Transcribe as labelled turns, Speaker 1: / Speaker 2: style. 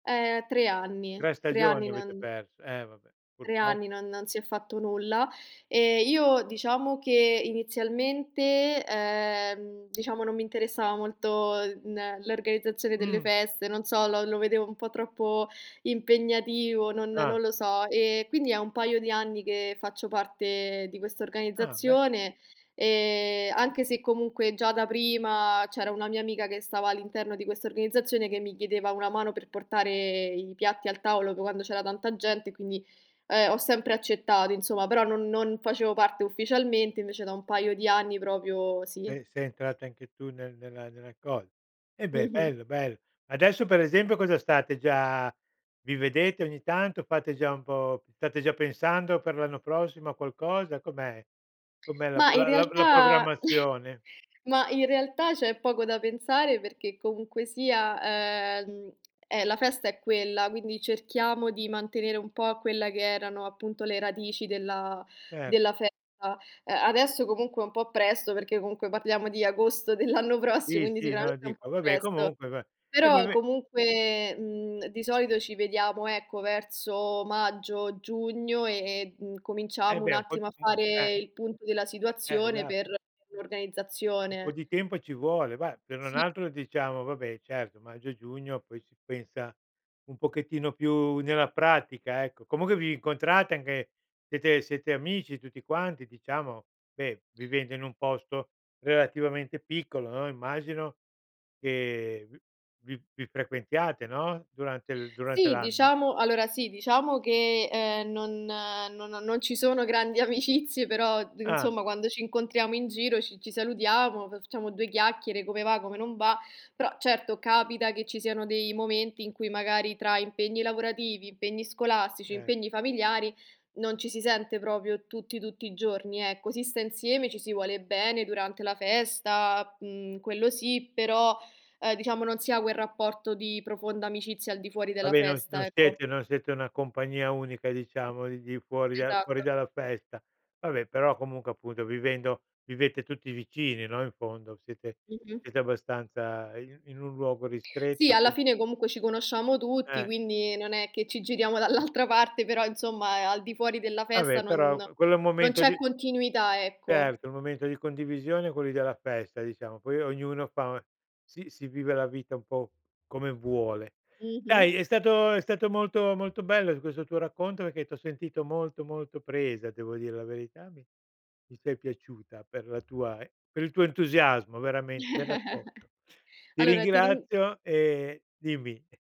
Speaker 1: Ehm. 3 anni.
Speaker 2: 3
Speaker 1: 3 anni
Speaker 2: stagioni avete
Speaker 1: non
Speaker 2: perso. Eh, vabbè,
Speaker 1: 3
Speaker 2: purtroppo.
Speaker 1: anni non non si è fatto nulla, e io, diciamo che, inizialmente, ehm, diciamo, non mi interessava molto n l'organizzazione delle
Speaker 2: Mh.
Speaker 1: feste, non so, lo lo vedevo un po' troppo impegnativo, non
Speaker 2: Ah.
Speaker 1: non lo so. E quindi è un paio di anni che faccio parte di questa
Speaker 2: Ah, beh.
Speaker 1: organizzazione e anche se, comunque, già da prima, c'era una mia amica che stava all'interno di questa organizzazione che mi chiedeva una mano per portare i piatti al tavolo quando c'era tanta gente, quindi, ehm, ho sempre accettato, insomma, però non non facevo parte ufficialmente, invece da un paio di anni proprio sì.
Speaker 2: Beh, sei entrata anche tu nel nella nella cosa. Eh, beh,
Speaker 1: Mh-mh.
Speaker 2: bello, bello. Adesso, per esempio, cosa state già vi vedete ogni tanto? Fate già un po' state già pensando per l'anno prossimo a qualcosa? Com'è com'è la p
Speaker 1: Mah, in
Speaker 2: la la la
Speaker 1: realtà
Speaker 2: programmazione?
Speaker 1: mah, in realtà, c'è poco da pensare perché, comunque sia, ehm, eh, la festa è quella, quindi cerchiamo di mantenere un po' quelle che erano, appunto, le radici della
Speaker 2: Certo.
Speaker 1: della festa. A adesso, comunque, è un po' presto, perché, comunque, parliamo di agosto dell'anno prossimo,
Speaker 2: Sì
Speaker 1: quindi
Speaker 2: sì, no,
Speaker 1: sicuramente è un
Speaker 2: dico
Speaker 1: po'
Speaker 2: va beh,
Speaker 1: presto.
Speaker 2: comunque, beh. Eh,
Speaker 1: Però,
Speaker 2: vabbè
Speaker 1: comunque, mhmm, di solito ci vediamo, ecco, verso maggio, giugno e e, mhmm,
Speaker 2: Eh,
Speaker 1: cominciamo un
Speaker 2: beh, un po',
Speaker 1: attimo a
Speaker 2: uhm, eh
Speaker 1: fare il punto della
Speaker 2: B eh,
Speaker 1: situazione
Speaker 2: esa
Speaker 1: per [unintelligible]
Speaker 2: Un po'
Speaker 1: organizzazione.
Speaker 2: di tempo ci vuole. Bah, se non
Speaker 1: Sì.
Speaker 2: altro, diciamo, va beh, certo, maggio e giugno poi si pensa un pochettino più nella pratica, ecco. Comunque, vi incontrate anche, siete siete amici tutti quanti, diciamo? Beh, vivendo in un posto relativamente piccolo, no, immagino che vi vi vi frequentiate, no, durante durante
Speaker 1: Sì,
Speaker 2: l'anno.
Speaker 1: diciamo allora, sì, diciamo che, ehm, non non non ci sono grandi amicizie però, uhm,
Speaker 2: Ah.
Speaker 1: insomma, quando ci incontriamo in giro ci ci salutiamo, facciamo 2 chiacchiere, come va, come non va. Però, certo, capita che ci siano dei momenti in cui, magari, tra impegni lavorativi, impegni scolastici,
Speaker 2: Eh.
Speaker 1: impegni familiari non ci si sente proprio tutti, tutti i giorni, ecco, si sta insieme, ci si vuole bene durante la festa, mhmm, quello sì, però, ehm, diciamo, non si ha quel rapporto di profonda amicizia al di fuori
Speaker 2: Va,
Speaker 1: della
Speaker 2: beh non
Speaker 1: festa,
Speaker 2: non
Speaker 1: ecco.
Speaker 2: siete non siete una compagnia unica, diciamo, di di fuori del fuori
Speaker 1: Esatto.
Speaker 2: dalla festa. Va beh, però, comunque, appunto, vivendo vivete tutti vicini, no, in fondo? Siete
Speaker 1: Mh-mh.
Speaker 2: siete abbastanza i in un luogo
Speaker 1: Sì,
Speaker 2: ristretto p
Speaker 1: alla fine, comunque, ci conosciamo tutti,
Speaker 2: Eh.
Speaker 1: quindi non è che ci giriamo dall'altra parte, però, insomma, a al di fuori della
Speaker 2: Va beh,
Speaker 1: festa non
Speaker 2: però, qu quello è un
Speaker 1: non
Speaker 2: momento
Speaker 1: c'è
Speaker 2: di
Speaker 1: continuità, ecco.
Speaker 2: Certo, un momento di condivisione quelli della festa, diciamo. Poi ognuno fa si si vive la vita un po' come vuole.
Speaker 1: Mh-mh.
Speaker 2: Dai, è stato è stato molto molto bello questo tuo racconto perché t'ho sentito molto, molto presa, devo dire la verità. Mi mi sei piaciuta per la tua, ehm, per il tuo entusiasmo, veramente, del racconto. Ti
Speaker 1: Allora, ti rin
Speaker 2: ringrazio e dimmi.